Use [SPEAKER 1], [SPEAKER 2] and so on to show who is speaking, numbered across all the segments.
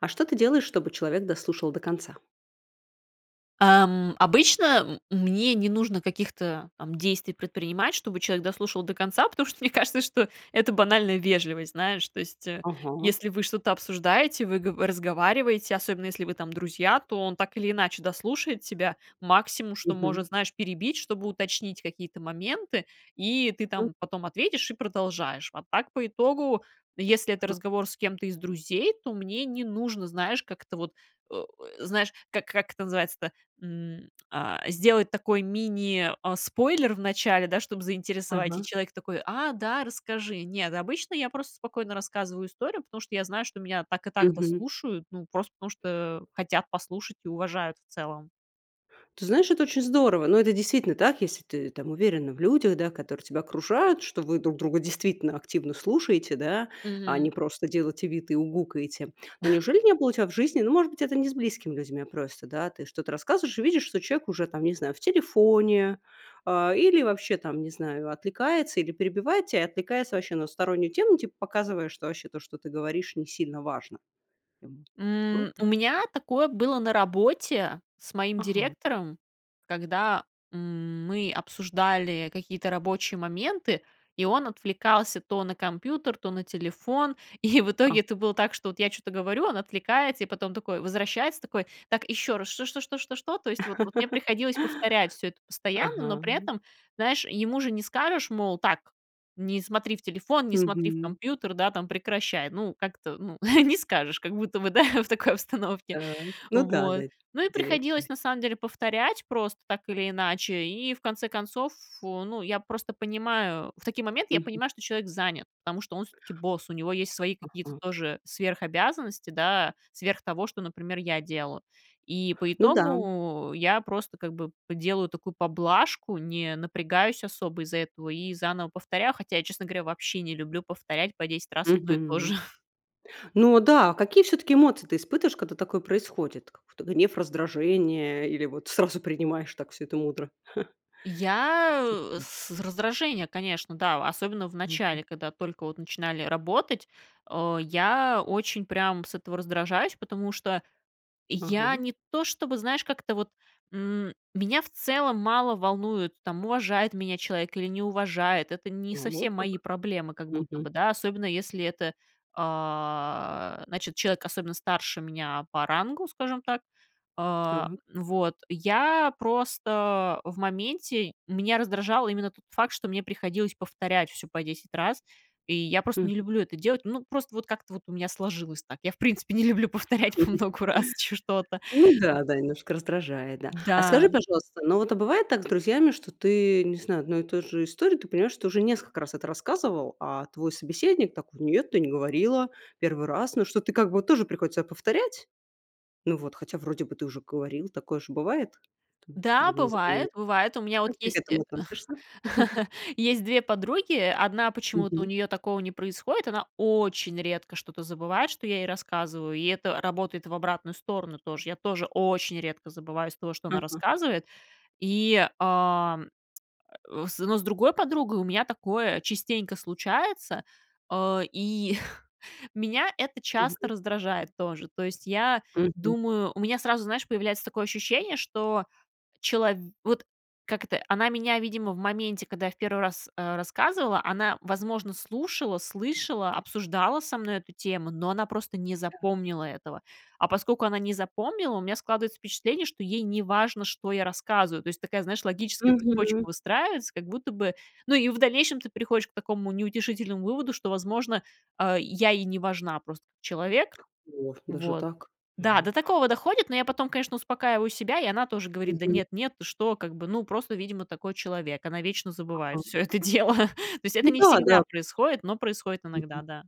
[SPEAKER 1] А что ты делаешь, чтобы человек дослушал до конца?
[SPEAKER 2] Ам, обычно м мне не нужно каких-то там действий предпринимать, чтобы человек дослушал до конца, потому что мне кажется, что это банальная вежливость, знаешь. То есть, э,
[SPEAKER 1] Ага.
[SPEAKER 2] если вы что-то обсуждаете, вы гово разговариваете, особенно, если вы там друзья, то он так или иначе дослушает тебя, максимум, что
[SPEAKER 1] Мгм.
[SPEAKER 2] может, знаешь, перебить, чтобы уточнить какие-то моменты, и ты
[SPEAKER 1] М.
[SPEAKER 2] там потом ответишь и продолжаешь. А так, по итогу, если это
[SPEAKER 1] Хм
[SPEAKER 2] разговор с кем-то из друзей, то мне не нужно, знаешь, как-то вот, э, знаешь, как, как это называется-то? М, а, сделать такой мини, а, спойлер в начале, да, чтобы заинтересовать, и
[SPEAKER 1] Ага.
[SPEAKER 2] человек такой: "А, да, расскажи". Нет, обычно я просто спокойно рассказываю историю, потому что я знаю, что меня так и так
[SPEAKER 1] Мгм.
[SPEAKER 2] дослушают, ну, просто потому что, а, хотят послушать и уважают в целом.
[SPEAKER 1] Ты знаешь, это очень здорово, но это действительно так, если ты, там, уверена в людях, да, которые тебя окружают, что вы друг друга действительно активно слушаете, да, а
[SPEAKER 2] Мгм.
[SPEAKER 1] не просто делаете вид, и угукаете. Но неужели не было у тебя в жизни, ну, может быть, это не с близкими людьми, а просто, да, ты что-то рассказываешь и видишь, что человек уже, там, не знаю, в телефоне, а, или вообще, там, не знаю, отвлекается или перебивает тебя, отвлекается вообще на стороннюю тему, типа показывая, что вообще то, что ты говоришь, не сильно важно. Было
[SPEAKER 2] М,
[SPEAKER 1] такое?
[SPEAKER 2] у меня такое было на работе с моим
[SPEAKER 1] Ага.
[SPEAKER 2] директором, когда, м, мы обсуждали какие-то рабочие моменты, и он отвлекался то на компьютер, то на телефон. И в
[SPEAKER 1] А
[SPEAKER 2] итоге это было так, что я вот чё-то говорю, он отвлекается и потом такой возвращается, такой: "Так еще раз, что что что что что?" То есть, вот вот мне приходилось повторять всё это постоянно, но
[SPEAKER 1] Ага.
[SPEAKER 2] при этом, знаешь, ему же не скажешь, мол: "Так, не смотри в телефон, не смотри в
[SPEAKER 1] Мгм.
[SPEAKER 2] компьютер, да, там прекращай". Ну, как-то, ну не скажешь, как будто бы, да в такой обстановке.
[SPEAKER 1] Так, ну да да,
[SPEAKER 2] Вот. Ну, и приходилось,
[SPEAKER 1] директами.
[SPEAKER 2] на самом деле, повторять просто так или иначе. И в конце концов, ф ну я просто понимаю, в такие моменты я
[SPEAKER 1] Мгм.
[SPEAKER 2] понимаю, что человек занят, потому что он всё-таки босс, у него есть свои какие-то
[SPEAKER 1] Ага.
[SPEAKER 2] тоже, э, сверхобязанности, да сверх того, что, например, я делаю, и по
[SPEAKER 1] Ну да.
[SPEAKER 2] итогу я просто, как бы п делаю такую поблажку, не напрягаюсь особо из-за этого, и заново повторяю, хотя я, честно говоря, вообще не люблю повторять по 10 раз одно и то
[SPEAKER 1] Мгм.
[SPEAKER 2] же.
[SPEAKER 1] Ну, а, да какие всё-таки эмоции ты испытываешь когда такое происходит, какой-то гнев раздражение или вот сразу принимаешь так всё это мудро? Как
[SPEAKER 2] Я, э,
[SPEAKER 1] чувства.
[SPEAKER 2] с раздражение, конечно, да, а, особенно в
[SPEAKER 1] Мгм.
[SPEAKER 2] начале, когда только вот начинали работать, а, я очень прям с этого раздражаюсь, потому что я
[SPEAKER 1] Ага.
[SPEAKER 2] не то, чтобы, знаешь, как-то вот, м, меня в целом мало волнует, там уважает меня человек или не уважает, это не
[SPEAKER 1] Вот
[SPEAKER 2] совсем мои
[SPEAKER 1] как,
[SPEAKER 2] проблемы как будто
[SPEAKER 1] мгм.
[SPEAKER 2] бы, да особенно, если это, а, значит, человек особенно старше меня по рангу, скажем так, а,
[SPEAKER 1] Так.
[SPEAKER 2] вот. Я просто в моменте, меня раздражал именно тот факт, что мне приходилось повторять всё по 10 раз, и я просто
[SPEAKER 1] Мгм.
[SPEAKER 2] не люблю это делать. Ну, просто вот как-то вот у меня сложилось так. Я, в принципе, не люблю повторять по многу раз чё что-то.
[SPEAKER 1] Ну да, да, немножко раздражает, да. А скажи,
[SPEAKER 2] Да.
[SPEAKER 1] пожалуйста, ну вот а бывает так с друзьями, что ты, не знаю, одной и той же истории, ты понимаешь, что уже несколько раз это рассказывала, а твой собеседник такой: "Нет, ты не говорила, 1 раз". Ну, что ты как бы вот тоже приходится повторять. Ну вот, хотя вроде бы ты уже говорила, такое же бывает, что
[SPEAKER 2] Да,
[SPEAKER 1] либо не запоминаешь.
[SPEAKER 2] бывает, бывает, у меня вот
[SPEAKER 1] Как ты к
[SPEAKER 2] есть э,
[SPEAKER 1] этому относишься?
[SPEAKER 2] есть 2 подруги, 1 почему-то у
[SPEAKER 1] Мгм.
[SPEAKER 2] нее такого не происходит, она очень редко что-то забывает, что я ей рассказываю, и это работает в обратную сторону тоже, я тоже очень редко забываю из того, что она
[SPEAKER 1] Ага.
[SPEAKER 2] рассказывает, и, а, э, с но с другой подругой у меня такое частенько случается, а, и меня это часто
[SPEAKER 1] Мгм.
[SPEAKER 2] раздражает тоже. То есть, я
[SPEAKER 1] Мгм.
[SPEAKER 2] думаю, у меня сразу, знаешь, появляется такое ощущение, что челов вот как это, э, она меня, видимо, в моменте, когда я в 1 раз, а, рассказывала, она, возможно, слушала, слышала, обсуждала со мной эту тему, но она просто не
[SPEAKER 1] Да.
[SPEAKER 2] запомнила этого, а поскольку она не запомнила, у меня складывается впечатление, что ей неважно, что я рассказываю, то есть, такая, знаешь, логическая цепочка
[SPEAKER 1] Мгм.
[SPEAKER 2] выстраивается, как будто бы, ну, и в дальнейшем ты приходишь к такому неутешительному выводу, что, возможно, а, я ей не важна просто как человек.
[SPEAKER 1] О, даже
[SPEAKER 2] Вот.
[SPEAKER 1] так?
[SPEAKER 2] Да,
[SPEAKER 1] Ага.
[SPEAKER 2] до такого доходит, но я потом, конечно, успокаиваю себя, и она тоже говорит: "Да
[SPEAKER 1] Мгм.
[SPEAKER 2] нет, нет, ты что". Как бы, ну, просто, видимо, такой человек, она вечно забывает
[SPEAKER 1] Ага.
[SPEAKER 2] всё это дело. То есть, это
[SPEAKER 1] Ну
[SPEAKER 2] не
[SPEAKER 1] да,
[SPEAKER 2] всегда
[SPEAKER 1] да.
[SPEAKER 2] происходит, но происходит иногда,
[SPEAKER 1] Мгм.
[SPEAKER 2] да.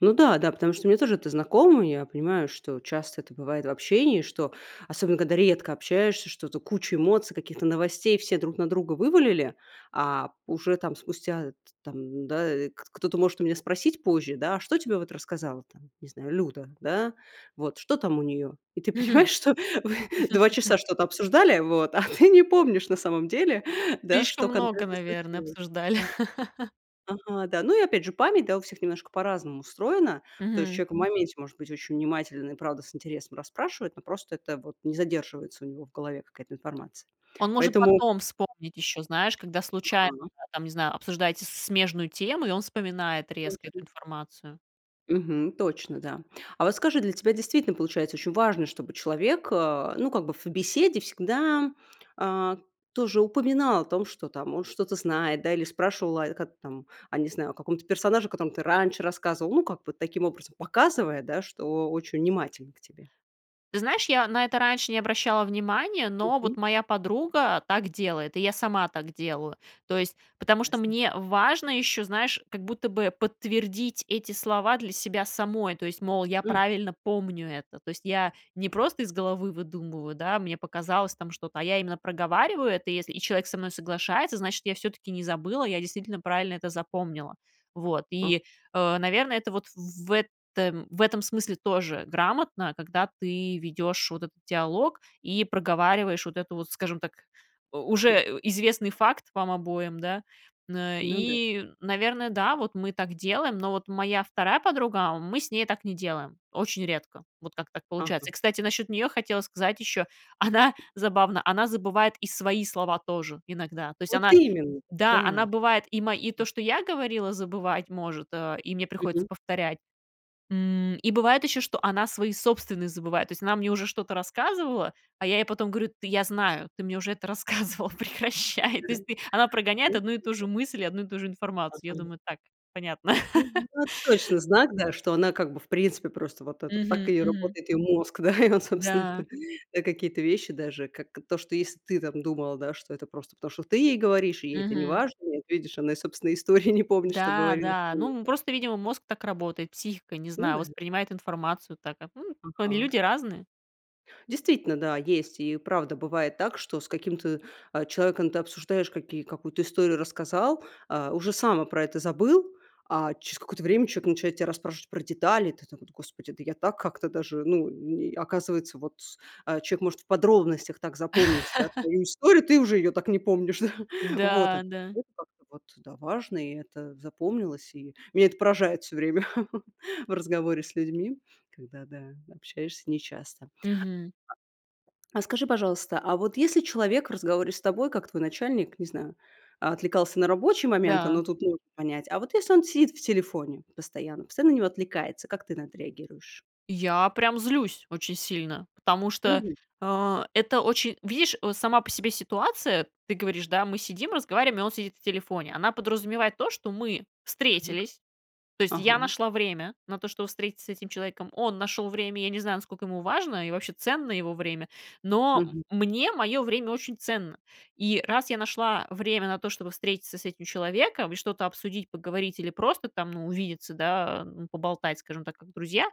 [SPEAKER 1] Ну да, да. Потому что мне тоже это знакомо. И я понимаю, что часто это бывает в общении, что особенно, когда редко общаешься, что-то куча эмоций, каких-то новостей все друг на друга вывалили, а, уже там спустя, э, т там, м, да, э, кт кто-то может у меня спросить позже, да: "А что тебе вот рассказала, там не знаю, Люда, да, вот, что там у нее?" И ты
[SPEAKER 2] Мгм.
[SPEAKER 1] понимаешь, что вы 2 часа что-то обсуждали, вот, а ты не помнишь на самом деле, да,
[SPEAKER 2] Слишком
[SPEAKER 1] что
[SPEAKER 2] много,
[SPEAKER 1] конкретно
[SPEAKER 2] наверное,
[SPEAKER 1] случилось.
[SPEAKER 2] обсуждали.
[SPEAKER 1] Да. Ага, да. Ну, и, опять же, память, да, у всех немножко по-разному устроена. То есть
[SPEAKER 2] Мгм.
[SPEAKER 1] человек в моменте может быть очень внимателен, и правда с интересом расспрашивает, но просто это вот не задерживается у него в голове какая-то информация,
[SPEAKER 2] Он может
[SPEAKER 1] поэтому
[SPEAKER 2] потом вспомнить еще, знаешь, когда случайно,
[SPEAKER 1] Ага.
[SPEAKER 2] да там не знаю, обсуждаете смежную тему, и он вспоминает резко эту
[SPEAKER 1] Точно.
[SPEAKER 2] информацию.
[SPEAKER 1] Мгм. Точно. Да. А вот скажи, для тебя действительно получается ещё важно, чтобы человек, а, ну как бы, в беседе всегда, а, тоже упоминал о том, что там, он что-то знает. Да? Или спрашивал: "О, как там?" А, не знаю, о каком-то персонаже, о котором ты раньше рассказывал. Ну как бы, таким образом, показывая, да, что очень внимателен к тебе.
[SPEAKER 2] Ты знаешь, я на это раньше не обращала внимание, но вот
[SPEAKER 1] Мгм.
[SPEAKER 2] моя подруга так делает. И я сама так делаю. То есть. Потому что
[SPEAKER 1] Ясно.
[SPEAKER 2] мне важно еще, знаешь, как будто бы подтвердить эти слова для себя самой. То есть, мол, я
[SPEAKER 1] Хм!
[SPEAKER 2] правильно помню это, то есть я не просто из головы выдумываю, да? Мне показалось там что-то, а я именно проговариваю это, и если и человек со мной соглашается, значит, я всё-таки не забыла, я действительно правильно это запомнила. Вот.
[SPEAKER 1] Ах.
[SPEAKER 2] И, э, наверное, это вот в этом в этом смысле тоже грамотно, когда ты ведешь вот этот диалог и проговариваешь вот это вот, скажем так, у
[SPEAKER 1] Хм.
[SPEAKER 2] уже известный факт вам обоим. Да. Мн
[SPEAKER 1] Ну да.
[SPEAKER 2] и, наверное, да, вот мы так делаем, но вот моя 2 подруга. Мы с ней так не делаем. Очень редко. Вот, как так
[SPEAKER 1] Ага.
[SPEAKER 2] получается. Кстати, насчет нее хотела сказать еще. Она забавно. Она забывает и свои слова тоже. Иногда. То есть,
[SPEAKER 1] Вот
[SPEAKER 2] она
[SPEAKER 1] именно!
[SPEAKER 2] да,
[SPEAKER 1] Да!
[SPEAKER 2] она бывает и ма и то, что я говорила, забывать может, э, и мне приходится
[SPEAKER 1] Мгм.
[SPEAKER 2] повторять. М, и бывает еще, что она свои собственные забывает. То есть она мне уже что-то рассказывала, а я ей потом говорю: "Т я знаю, ты мне уже это рассказывала. Прекращай". То есть ты она прогоняет одну и ту же
[SPEAKER 1] [unintelligible]
[SPEAKER 2] мысль и одну и ту же информацию. Я
[SPEAKER 1] Ага.
[SPEAKER 2] думаю: "Так, понятно".
[SPEAKER 1] Мгм. Вот точно знак. Да. Что она как бы, в принципе, просто, вот это, так
[SPEAKER 2] Мгм.
[SPEAKER 1] и
[SPEAKER 2] Мгм.
[SPEAKER 1] работает ее мозг, да? И он, собственно,
[SPEAKER 2] Да.
[SPEAKER 1] так. Да, какие-то вещи даже. Как то, что если ты там думала, да, что это просто потому, что ты ей говоришь, и ей это
[SPEAKER 2] Мгм.
[SPEAKER 1] неважно, ну вот видишь, она и собственные истории не помнит, что
[SPEAKER 2] Да.
[SPEAKER 1] говорила.
[SPEAKER 2] Да.
[SPEAKER 1] М.
[SPEAKER 2] Ну, просто, видимо, мозг так работает. Психика, не
[SPEAKER 1] Ну
[SPEAKER 2] знаю,
[SPEAKER 1] да.
[SPEAKER 2] воспринимает информацию так. М, они
[SPEAKER 1] Ага.
[SPEAKER 2] люди разные.
[SPEAKER 1] Действительно. Да. Есть. И правда бывает так, что с каким-то, а, человеком это обсуждаешь, каки какую-то историю рассказал. А, уже сам про это забыл. А через какое-то человек начинает тебя расспрашивать про детали. Ты так вот: "Господи, да я так как-то даже, ну, н оказывается, вот". А человек может в подробностях так запомнить. Да? Твою историю. Ты уже её так не помнишь. Вот так
[SPEAKER 2] Да. Да.
[SPEAKER 1] вот. Вот да. Важные. И это запомнилось и меня это поражает всё время. В разговоре с людьми. Когда да. Общаешься нечасто.
[SPEAKER 2] Мгм.
[SPEAKER 1] А а скажи, пожалуйста, а вот если человек в разговоре с тобой, как твой начальник не знаю, отвлекался на рабочие моменты,
[SPEAKER 2] Да.
[SPEAKER 1] но тут можно понять. А вот если он сидит в телефоне постоянно. Постоянно на него отвлекается, как ты на это реагируешь?
[SPEAKER 2] Я прям злюсь очень сильно, потому что,
[SPEAKER 1] Мгм.
[SPEAKER 2] а, это очень, видишь, вот сама по себе ситуация. Ты говоришь, да, мы сидим, разговариваем, и он сидит в телефоне, она подразумевает то, что мы
[SPEAKER 1] А.
[SPEAKER 2] встретились. То есть, я
[SPEAKER 1] Ага.
[SPEAKER 2] нашла время на то чтобы встретиться с этим человеком, он нашел время. Я не знаю, насколько ему важно, и вообще ценно его время, но,
[SPEAKER 1] Мгм.
[SPEAKER 2] м, мне мое время очень ценно. И раз я нашла время на то, чтобы встретиться с этим человеком, и что-то обсудить, поговорить, или просто там, ну, увидеться, да, а, поболтать, скажем так, как друзья,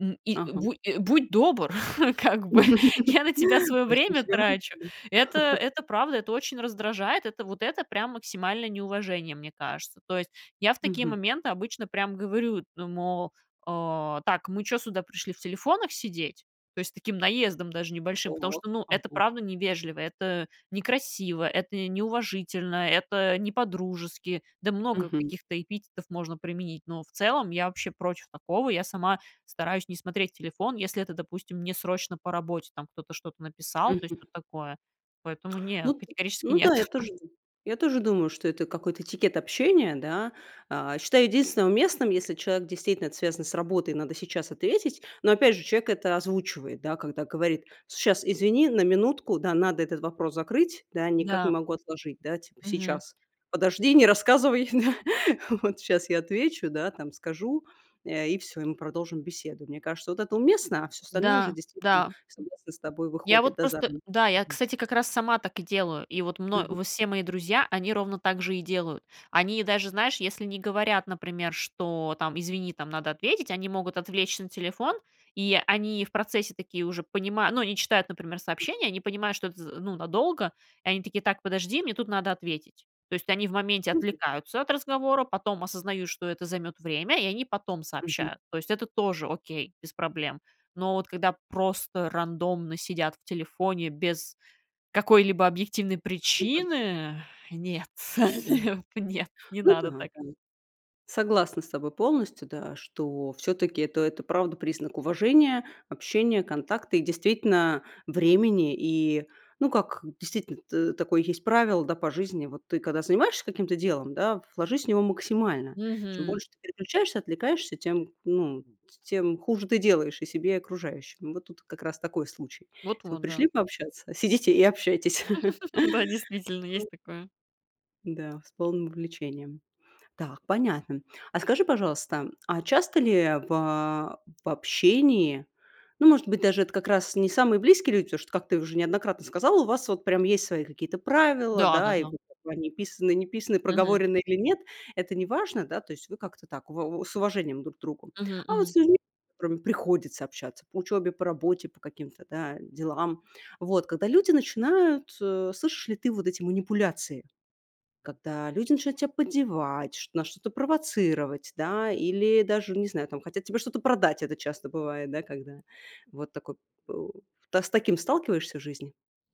[SPEAKER 2] м, и,
[SPEAKER 1] Ага.
[SPEAKER 2] бу будь добр как бы. Я на тебя свое время
[SPEAKER 1] [unintelligible]
[SPEAKER 2] трачу. Это это правда, это очень раздражает, это вот это прям максимальное неуважение, мне кажется. То есть, я в такие
[SPEAKER 1] Мгм.
[SPEAKER 2] моменты обычно прямо говорю: "Ну, му а, так, мы чё сюда пришли в телефонах сидеть?" То есть, с таким наездом даже небольшим, потому
[SPEAKER 1] О,
[SPEAKER 2] что, ну, это
[SPEAKER 1] ага.
[SPEAKER 2] правда невежливо, это некрасиво, это неуважительно, это не по-дружески. Да, много
[SPEAKER 1] Мгм.
[SPEAKER 2] каких-то эпитетов можно применить, но в целом я вообще против такого. Я сама стараюсь не смотреть телефон, если это, допустим, не срочно по работе, там, кто-то что-то написал. То есть,
[SPEAKER 1] Мгм.
[SPEAKER 2] тут такое. Поэтому не,
[SPEAKER 1] Ну т
[SPEAKER 2] категорически
[SPEAKER 1] ну
[SPEAKER 2] нет.
[SPEAKER 1] да, я тоже д я тоже думаю, что это какой-то этикет общения, да. А, считаю единственное уместным, если человек действительно это связан с работой, надо сейчас ответить, но опять же человек это озвучивает, да, когда говорит: "Сейчас, извини, на минутку да, надо этот вопрос закрыть да, никак не
[SPEAKER 2] Да.
[SPEAKER 1] могу отложить да, типа
[SPEAKER 2] Мгм.
[SPEAKER 1] сейчас подожди, не рассказывай, да, вот сейчас я отвечу, да, там скажу, э, и всё, и мы продолжим беседу". Мне кажется, вот это уместно, а всё остальное уже,
[SPEAKER 2] Да,
[SPEAKER 1] действительно,
[SPEAKER 2] да, м,
[SPEAKER 1] согласна с тобой
[SPEAKER 2] я
[SPEAKER 1] выходит,
[SPEAKER 2] вот
[SPEAKER 1] да, за
[SPEAKER 2] просто,
[SPEAKER 1] рамки
[SPEAKER 2] да, я,
[SPEAKER 1] приличного.
[SPEAKER 2] кстати, как раз сама так и делаю, и вот мно
[SPEAKER 1] Мгм.
[SPEAKER 2] все мои друзья, они ровно так же и делают. Они даже, знаешь, если не говорят, например, что, там: "Извини, там надо ответить",- они могут отвлечься на телефон, и они в процессе такие уже понимают, ну, они читают, например,
[SPEAKER 1] Мгм.
[SPEAKER 2] сообщения, они понимают, что это з ну надолго, и они такие: "Так, подожди, мне тут надо ответить". То есть, они в моменте
[SPEAKER 1] [unintelligible]
[SPEAKER 2] отвлекаются от разговора, потом осознают, что это займет время, и они потом
[SPEAKER 1] Мгм.
[SPEAKER 2] сообщают. То есть, это тоже окей, без проблем. Но вот когда просто рандомно сидят в телефоне, без какой-либо объективной причины, нет,
[SPEAKER 1] Да.
[SPEAKER 2] не нет, не
[SPEAKER 1] Ну
[SPEAKER 2] надо
[SPEAKER 1] да
[SPEAKER 2] так.
[SPEAKER 1] да. Согласна с тобой полностью, да, что все-таки это это правда признак уважения, общения, контакта и действительно времени. И ну, как, действительно, т такое есть правило, да, по жизни: вот ты когда занимаешься каким-то делом, да, вложись в него максимально. Чем
[SPEAKER 2] Мгм.
[SPEAKER 1] больше ты переключаешься, отвлекаешься, тем, ну, тем хуже ты делаешь и себе, и окружающим. Вот тут как раз такой случай.
[SPEAKER 2] Вот
[SPEAKER 1] Если вы
[SPEAKER 2] вот
[SPEAKER 1] пришли
[SPEAKER 2] да.
[SPEAKER 1] пообщаться, сидите и общайтесь.
[SPEAKER 2] Да, действительно, есть такое.
[SPEAKER 1] Да, с полным увлечением. Так, понятно. А скажи, пожалуйста, а часто ли в, а, в общении, ну, может быть, даже это как раз не самые близкие люди, потому что, как ты уже неоднократно сказала, у вас вот прям есть свои какие-то правила, да, и
[SPEAKER 2] Да-да-да.
[SPEAKER 1] вот как бы они писаные, не писаные,
[SPEAKER 2] Мгм.
[SPEAKER 1] проговоренные или нет, это неважно, да, то есть вы как-то так в вэ с уважением друг к другу.
[SPEAKER 2] Мгм
[SPEAKER 1] А вот с
[SPEAKER 2] мгм.
[SPEAKER 1] людьми, с которыми приходится общаться по учебе, по работе, по каким-то, да, делам. Вот когда люди начинают, э, слышишь ли ты вот эти манипуляции, когда люди начинают тебя поддевать, ш на что-то провоцировать, да, или даже, не знаю, там хотят тебе что-то продать. Это часто бывает, да, когда вот так вот у да с таким сталкиваешься в жизни,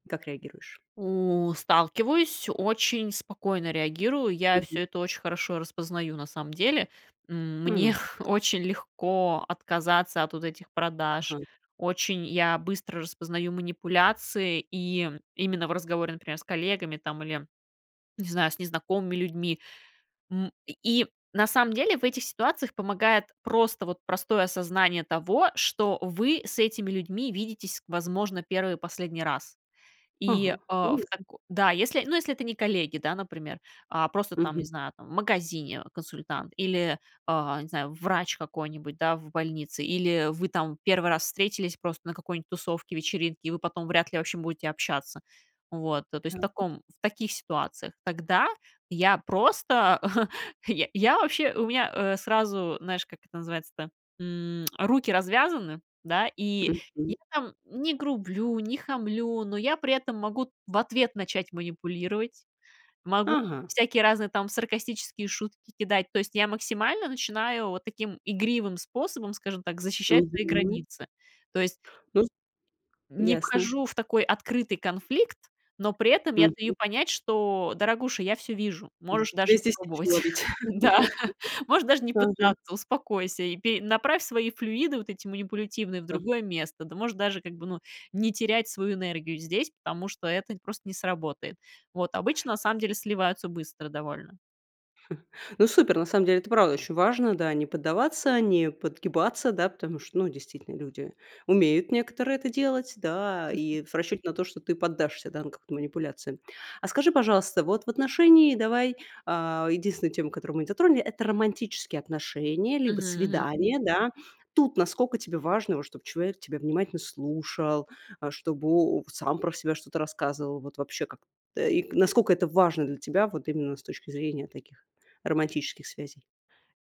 [SPEAKER 1] как реагируешь?
[SPEAKER 2] У сталкиваюсь, очень спокойно реагирую. Я
[SPEAKER 1] Мгм.
[SPEAKER 2] всё это очень хорошо распознаю, на самом деле. М, мне
[SPEAKER 1] М.
[SPEAKER 2] очень легко отказаться от вот этих продаж.
[SPEAKER 1] Ага.
[SPEAKER 2] Очень я быстро распознаю манипуляции, и именно в разговоре, например, с коллегами, там, или не знаю, с незнакомыми людьми, м, и, на самом деле, в этих ситуациях помогает просто вот простое осознание того, что вы с этими людьми видитесь, возможно, 1 и последний раз. И,
[SPEAKER 1] Ага,
[SPEAKER 2] а, в
[SPEAKER 1] понятно.
[SPEAKER 2] тако да, если, ну, не если это не коллеги, да например, а просто, там, не
[SPEAKER 1] Мгм.
[SPEAKER 2] знаю там, в магазине консультант, или, а, не знаю врач какой-нибудь да в больнице, или вы, там, 1 раз встретились просто на какой-нибудь тусовке, вечеринке, и вы потом вряд ли вообще будете общаться. Вот, э, то есть, в
[SPEAKER 1] Так.
[SPEAKER 2] таком в таких ситуациях. Тогда я просто, я я вообще, у меня, э, сразу, знаешь, как это называется-то, м, руки развязаны, да, и я
[SPEAKER 1] Мгм.
[SPEAKER 2] там не грублю, не хамлю, но я при этом могу в ответ начать манипулировать, могу
[SPEAKER 1] Ага.
[SPEAKER 2] всякие разные там саркастические шутки кидать. То есть, я максимально начинаю вот таким игривым способом, скажем так, защищать свои
[SPEAKER 1] Мгм.
[SPEAKER 2] границы. То есть
[SPEAKER 1] Ну з
[SPEAKER 2] не
[SPEAKER 1] ясно.
[SPEAKER 2] вхожу в такой открытый конфликт, но при этом я
[SPEAKER 1] Мгм.
[SPEAKER 2] даю понять, что: "Дорогуша, я всё вижу.
[SPEAKER 1] М,
[SPEAKER 2] Можешь даже
[SPEAKER 1] тебе
[SPEAKER 2] не
[SPEAKER 1] здесь нечего
[SPEAKER 2] пробовать.
[SPEAKER 1] ловить,
[SPEAKER 2] Да. Можешь
[SPEAKER 1] да.
[SPEAKER 2] даже не
[SPEAKER 1] Ага.
[SPEAKER 2] пытаться. Успокойся. И пе направь свои флюиды вот эти манипулятивные в
[SPEAKER 1] Да.
[SPEAKER 2] другое место. Ты можешь даже, как бы, ну не терять свою энергию здесь, потому что это просто не сработает". Вот. Обычно на самом деле сливаются быстро довольно.
[SPEAKER 1] Ну, супер, на самом деле, это правда очень важно, да, не поддаваться, не подгибаться, да, потому что, ну, действительно, люди умеют некоторые это делать, да,
[SPEAKER 2] Мгм.
[SPEAKER 1] и в расчете на то, что ты поддашься, да, на какую-то манипуляцию. А скажи, пожалуйста, вот в отношении, давай, э, единственная тема, которую мы не затронули- это романтические отношения либо
[SPEAKER 2] Мгм, мгм.
[SPEAKER 1] свидания, да. Тут насколько тебе важно, вот чтоб человек тебя внимательно слушал, а, чтобы он сам про себя что-то рассказывал? Вот вообще, как и насколько это важно для тебя вот именно с точки зрения таких романтических связей?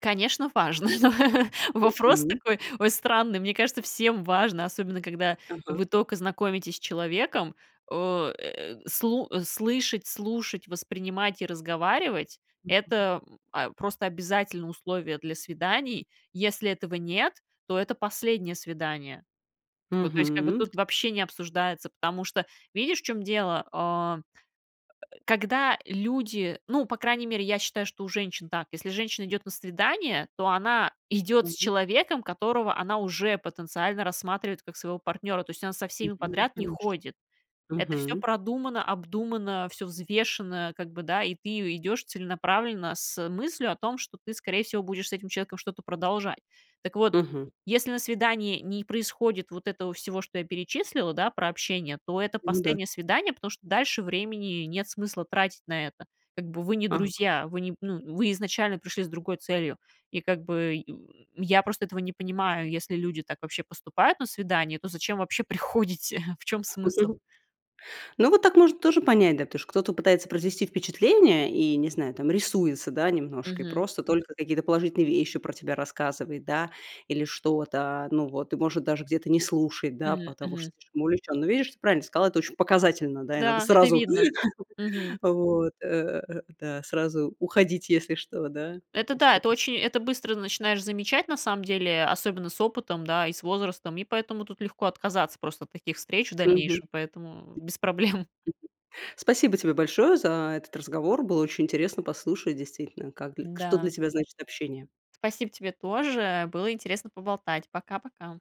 [SPEAKER 2] Конечно, важно. Вопрос
[SPEAKER 1] Мгм.
[SPEAKER 2] такой, ой, странный. Мне кажется, всем важно, особенно когда
[SPEAKER 1] Ага.
[SPEAKER 2] вы только знакомитесь с человеком, э, слу слышать, слушать, воспринимать и разговаривать-
[SPEAKER 1] Мгм.
[SPEAKER 2] это, а, просто обязательное условие для свиданий. Если этого нет, то это последнее свидание. То есть, как бы
[SPEAKER 1] Мгм.
[SPEAKER 2] тут вообще не обсуждается, потому что видишь, в чём дело, а, когда люди, ну, по крайней мере, я считаю, что у женщин так: если женщина идёт на свидание, то она идёт с
[SPEAKER 1] Так.
[SPEAKER 2] человеком, которого она уже потенциально рассматривает как своего партнёра. То есть она со
[SPEAKER 1] Мгм,
[SPEAKER 2] всеми
[SPEAKER 1] ну,
[SPEAKER 2] подряд не
[SPEAKER 1] конечно.
[SPEAKER 2] ходит. Это всё
[SPEAKER 1] Мгм.
[SPEAKER 2] продумано, обдумано, всё взвешено, как бы, да, и ты и идёшь целенаправленно с мыслью о том, что ты, скорее всего, будешь с этим человеком что-то продолжать. Так вот,
[SPEAKER 1] Мгм.
[SPEAKER 2] если на свидании не происходит вот этого всего, что я перечислила, да, про общение, то это
[SPEAKER 1] Ну да.
[SPEAKER 2] последнее свидание, потому что дальше времени нет смысла тратить на это. Как бы вы не
[SPEAKER 1] Ага.
[SPEAKER 2] друзья, вы не ну, вы изначально пришли с другой целью, и как бы я просто этого не понимаю: если люди так вообще поступают на свидании, то зачем вообще приходите? В чём смысл?
[SPEAKER 1] Ну, вот так можно тоже понять, да. Потому что кто-то пытается произвести впечатление, и, не знаю там, рисуется, да, немножко, и
[SPEAKER 2] Мгм.
[SPEAKER 1] просто только какие-то положительные вещи про тебя рассказывает, да, или что-то, ну, вот, и может даже где-то не слушать, да,
[SPEAKER 2] Мгм,
[SPEAKER 1] потому
[SPEAKER 2] мгм.
[SPEAKER 1] что слишком увлечён. Но видишь, ты правильно сказала, это очень показательно, да, и надо
[SPEAKER 2] Да, это
[SPEAKER 1] сразу,
[SPEAKER 2] видно, мгм.
[SPEAKER 1] вот, э, да, сразу уходить, если что, да.
[SPEAKER 2] Это
[SPEAKER 1] То есть
[SPEAKER 2] да, это
[SPEAKER 1] это всё.
[SPEAKER 2] очень это быстро начинаешь замечать, на самом деле, особенно с опытом, да, и с возрастом, и поэтому тут легко отказаться просто от таких встреч в
[SPEAKER 1] Мгм. Мгм.
[SPEAKER 2] дальнейшем, поэтому без проблем.
[SPEAKER 1] Спасибо тебе большое за этот разговор. Было очень интересно послушать, действительно, как дл что для
[SPEAKER 2] Да.
[SPEAKER 1] тебя значит общение.
[SPEAKER 2] Спасибо, тебе тоже, было интересно поболтать, пока-пока.